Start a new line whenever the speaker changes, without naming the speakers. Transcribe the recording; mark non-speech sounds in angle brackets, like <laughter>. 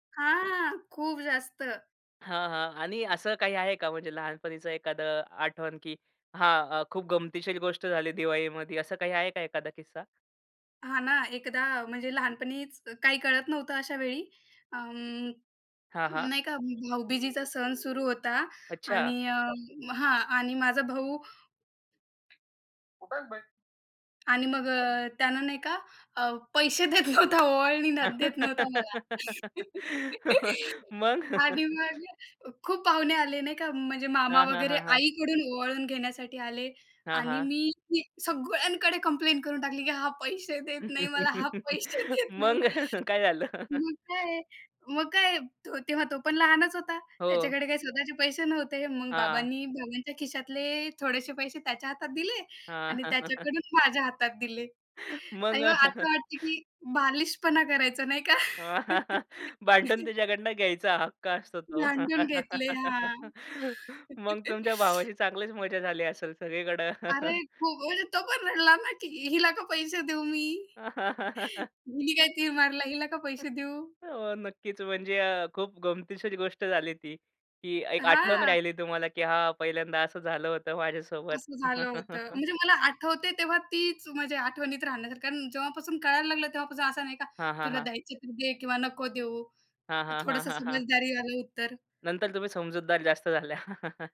हां खूप जास्त.
हां, हां आणि असं काही आहे का? म्हणजे लहानपणीच एखादं आठवण, की हां, खूप गमतीशीर गोष्ट झाली दिवाळीमध्ये, असं काही आहे का एखादा किस्सा?
हां ना, एकदा अ, म्हणजे लहानपणीच काही कळत नव्हतं अशावेळी अं,
हां, हां.
नाही का भाऊबीजीचा सण सुरू होता
अच्छा.
आणि अं, हां, आणि माझा भाऊ आणि मग अ, त्याने नाही का अ, पैसे देत नव्हता, ओवळणी ना देत नव्हता मला.
<laughs>
<laughs>
मग.
आणि मग खूप पाहुणे आले नाही का, म्हणजे मामा
हां, हां,
वगैरे
हां, हां.
आईकडून ओवाळून घेण्यासाठी आले
हां,
आणि
हां.
मी की सगळ्यांकडे कंप्लेन करून टाकली, की "हा पैसे देत नाही मला, हा
<chuckles>
पैसे देत नाही."
मग काय झालं?
मग काय मग काय? तेव्हा तो पण लहानच होता,
हो.
त्याच्याकडे काय स्वतःचे पैसे नव्हते. मग
हां
बाबांनी, बाबांच्या खिशातले थोडेसे पैसे त्याच्या हातात दिले
हां.
आणि
<chuckles>
त्याच्याकडून माझ्या हातात दिले
मग
आणि आता वाटते, की बालिशपणा करायचो, नाही का?
<chuckles> भांडून
<chuckles>
त्याच्याकडनं घ्यायचा हक्क असतो तो.
भांडून घेतले. हां.
<laughs> मग तुमच्या
<chuckles>
भावाशी चांगलीच मजा झाली असेल सगळीकडं?
अरे, खूप बोलले तो पण रडला ना, की "हिला का पैसे देऊ मी? हिनी काय
<chuckles>
तीर मारला, हिला का पैसे देऊ?"
हो, नक्कीच, म्हणजे अ, खूप गमतीशीर गोष्ट झाली ती, की अ, एक आठवण
हां.
राहिली तुम्हाला, की हा पहिल्यांदा असं झालं होतं माझ्यासोबत.
असं झालं होतं.
<chuckles>
म्हणजे मला आठवतयं, तेव्हा तीच माझ्या आठवणीत राहण्यासारखं अन् जेव्हापासून कळायला लागलं तेव्हापासून असं नाही का
हां, हां,
"तुला
हां.
द्यायचं तर दे किंवा नको देऊ"
हां, हां, हां,
थोडंसं
हां, हां.
समजदारीवालं उत्तर.
नंतर तुम्ही समजूतदार जास्त झाल्या. <chuckles>